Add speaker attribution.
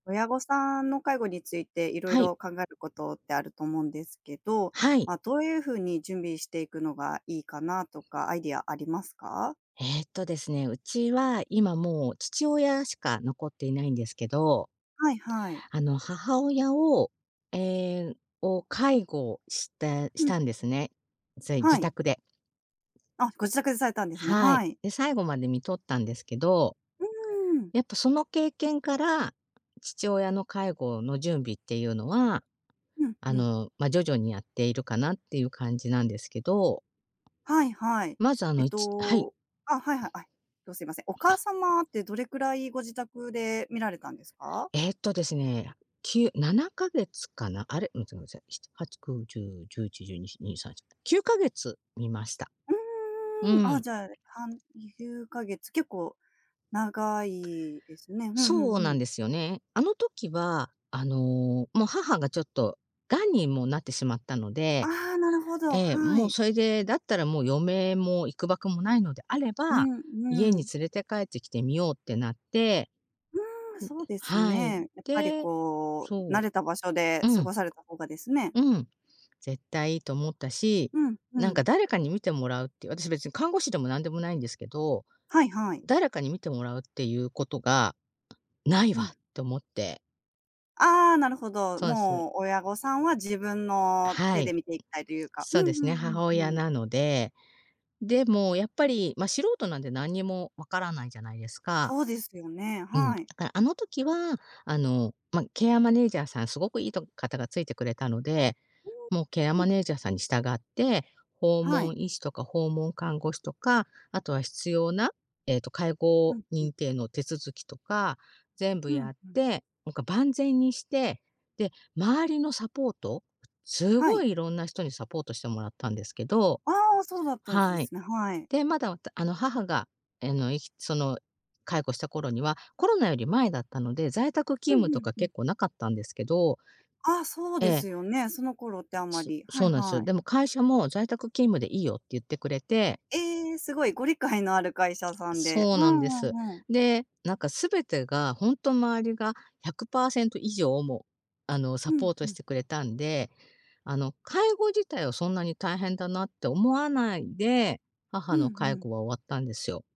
Speaker 1: 親御さんの介護について、いろい
Speaker 2: はい。
Speaker 1: ろ考えることってあると思うんですけど、
Speaker 2: はい。
Speaker 1: ま、どういうふうに準備していくのがいいかなとか、アイデアありますか？
Speaker 2: えっとですね、うちは今もう、父親しか残っていないんですけど、
Speaker 1: はいはい。
Speaker 2: あの母親を、ええ、を介護してし
Speaker 1: うん。うん。
Speaker 2: たんですね、ぜい
Speaker 1: は
Speaker 2: 自
Speaker 1: い。
Speaker 2: 宅で。
Speaker 1: あ、ご自宅でされたんですね、
Speaker 2: はい。
Speaker 1: はい。
Speaker 2: で、最後まで看取ったんですけど、
Speaker 1: うーん。
Speaker 2: やっぱその経験から、父親の介護の準備っていうのは、
Speaker 1: うん、
Speaker 2: あ
Speaker 1: うん。
Speaker 2: の、ま、徐々にやっているかなっていう感じなんですけど。
Speaker 1: はいはい。
Speaker 2: まず、あ
Speaker 1: えっ
Speaker 2: の、ち、はい。
Speaker 1: と、あ、はいはい。あ、すいません、お母
Speaker 2: あ。
Speaker 1: 様ってどれくらい、ご自宅で看られたんですか？
Speaker 2: えっとですね、97か月かな、あれ、ちょ、ごごめんなさい。7、8、9、10、11、12、1、2、3、4、9か月看ました。
Speaker 1: う
Speaker 2: う
Speaker 1: ーん、あ、
Speaker 2: ん。
Speaker 1: じゃあ、はん9ヶ月、結構長いですね。ふんふ
Speaker 2: そ
Speaker 1: ん
Speaker 2: う
Speaker 1: ふ
Speaker 2: な
Speaker 1: ん。
Speaker 2: んですよね。あの時は、あの、もう母がちょっと癌に、もうなってしまったので、
Speaker 1: ああ、なるほど、
Speaker 2: ええ、
Speaker 1: は
Speaker 2: もう
Speaker 1: い。
Speaker 2: それで、だったらもう、余命も幾ばくもないのであれ
Speaker 1: う
Speaker 2: ば、
Speaker 1: ん
Speaker 2: 家
Speaker 1: う
Speaker 2: に
Speaker 1: ん。
Speaker 2: 連れて帰ってきて、看ようってなって、
Speaker 1: うーん、そ
Speaker 2: う
Speaker 1: う
Speaker 2: ん、
Speaker 1: です
Speaker 2: はい。
Speaker 1: ね。やっぱり
Speaker 2: で、
Speaker 1: こう、
Speaker 2: そ
Speaker 1: 慣れた場所で
Speaker 2: う。う
Speaker 1: 過
Speaker 2: ん。
Speaker 1: ごされた方がですね。
Speaker 2: うん、絶対いいと思ったし、
Speaker 1: うん、う
Speaker 2: なん
Speaker 1: ん。
Speaker 2: か誰かに看てもらうっていう、私別に看護師でもなんでもないんですけど、
Speaker 1: はいはい。
Speaker 2: 誰かに看てもらうっていうことが、ない
Speaker 1: う
Speaker 2: わ
Speaker 1: ん。
Speaker 2: って思って。
Speaker 1: ああ、なるほど。
Speaker 2: そうです。
Speaker 1: もう親御さんは、自分の
Speaker 2: は
Speaker 1: 手で
Speaker 2: い。
Speaker 1: 看ていきたいというか。う
Speaker 2: そう
Speaker 1: ん
Speaker 2: ですね、
Speaker 1: うん
Speaker 2: 母
Speaker 1: う
Speaker 2: 親
Speaker 1: んうん。
Speaker 2: なので。でもやっぱり、ま、素人なんで、何にもわからないじゃないですか。
Speaker 1: そうですよね。
Speaker 2: うん。
Speaker 1: はい。
Speaker 2: あ、あの時は、あの、ま、ケアマネージャーさん、すごくいいと方がついてくれたので、
Speaker 1: う
Speaker 2: もうケア
Speaker 1: ん。うん。
Speaker 2: マネージャーさんに従って、訪
Speaker 1: はい。
Speaker 2: 問医師とか、訪問看護師とか、あとは必要な、ええと、介
Speaker 1: う
Speaker 2: 護
Speaker 1: ん、うん。
Speaker 2: 認定の手続きとか、全部
Speaker 1: うん、
Speaker 2: やっ
Speaker 1: うん。
Speaker 2: て、なんか、万全にして、で、周りのサポート、す
Speaker 1: は
Speaker 2: ご
Speaker 1: い。
Speaker 2: い色んな人にサポートしてもらったんですけど。
Speaker 1: ああ、そうだったんです
Speaker 2: はい。
Speaker 1: すね、はい。
Speaker 2: で、まだ、あの、母が、あの、いきその、介護した頃には、コロナより前だったので、在宅
Speaker 1: う
Speaker 2: 勤務
Speaker 1: んう
Speaker 2: と
Speaker 1: ん
Speaker 2: か
Speaker 1: うん。
Speaker 2: 結構なかったんですけど。
Speaker 1: ああ、そう
Speaker 2: え
Speaker 1: です
Speaker 2: え。
Speaker 1: よね。その頃ってあま
Speaker 2: す、
Speaker 1: り、は
Speaker 2: そ
Speaker 1: い
Speaker 2: うなんですよ。
Speaker 1: はい。
Speaker 2: でも会社も「在宅勤務でいいよ」って言ってくれて。
Speaker 1: ええ、すごい。ご理解のある会社さんで。
Speaker 2: そう
Speaker 1: ふ
Speaker 2: なん
Speaker 1: ん
Speaker 2: です。
Speaker 1: ふんふん。
Speaker 2: で、何か全てがほんと周りが100%以上、も、あの、
Speaker 1: う
Speaker 2: サ
Speaker 1: ん
Speaker 2: ポー
Speaker 1: う
Speaker 2: トし
Speaker 1: ん。
Speaker 2: てくれたんで、あの、介護自体はそんなに大変だなって思わないで、
Speaker 1: う
Speaker 2: 母
Speaker 1: ん
Speaker 2: の介
Speaker 1: うん。
Speaker 2: 護は終わったんですよ。